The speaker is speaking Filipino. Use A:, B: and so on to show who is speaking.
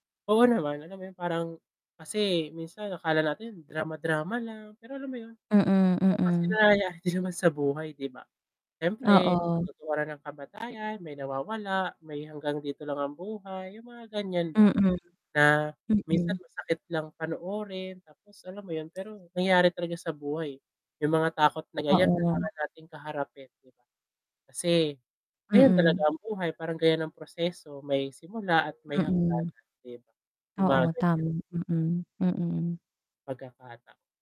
A: Oo naman, alam mo yun parang kasi minsan akala natin drama-drama lang pero alam mo yun.
B: Mm,
A: Oo,
B: mm.
A: nangyayari din naman sa buhay 'di ba. Siyempre,
B: Oo.
A: patutunguhan ng kamatayan may nawawala, may hanggang dito lang ang buhay, yung mga ganiyan ba.
B: Mm.
A: Na minsan
B: Mm.
A: masakit lang panoorin tapos alam mo yun, pero nangyari talaga sa buhay yung mga takot na ganiyan
B: Oo.
A: kailangan nating kaharapin, 'di ba. Kasi ayan
B: Mm.
A: talaga ang buhay, parang ganiyan ang proseso. May simula at may
B: Mm.
A: hangganan din ‘no. Yung mga
B: Oo,
A: ganiyan.
B: tama. Mm, mm.
A: Pagkakata